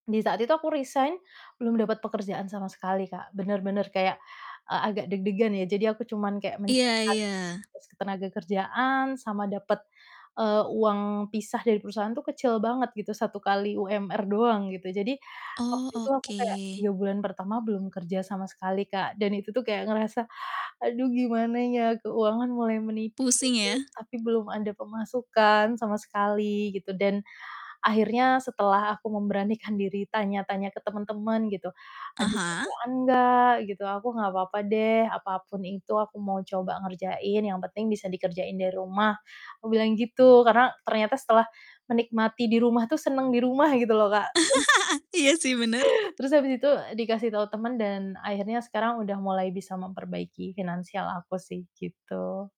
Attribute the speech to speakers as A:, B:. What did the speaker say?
A: Di saat itu aku resign belum dapat pekerjaan sama sekali, Kak, bener-bener kayak, eee, agak deg-degan ya, jadi aku cuman kayak
B: Iya
A: mencarikan
B: iya.
A: [unintelligible] ketenagakerjaan, sama dapet, eee, uang pisah dari perusahaan tuh kecil banget, gitu, 1 kali UMR doang gitu. Jadi waktu
B: Oh,
A: itu aku kayak
B: oke
A: 3 bulan pertama belum kerja sama sekali, Kak, dan itu tuh kayak ngerasa, "Aduh, gimana ya? Keuangan mulai menipis,
B: Pusing ya?
A: tapi belum ada pemasukan sama sekali," gitu. Dan akhirnya setelah aku memberanikan diri tanya-tanya ke temen-temen, gitu,
B: Ah
A: "Ada
B: hah.
A: kerjaan gak?" gitu. "Aku gak papa deh, apapun itu aku mau coba ngerjain, yang penting bisa dikerjain dari rumah." Aku bilang gitu, karena ternyata setelah menikmati di rumah tuh seneng di rumah gitu loh, Kak, terus
B: Iya sih, bener.
A: Terus habis itu, eee, dikasih tahu teman dan akhirnya sekarang udah mulai bisa memperbaiki finansial aku sih, gitu.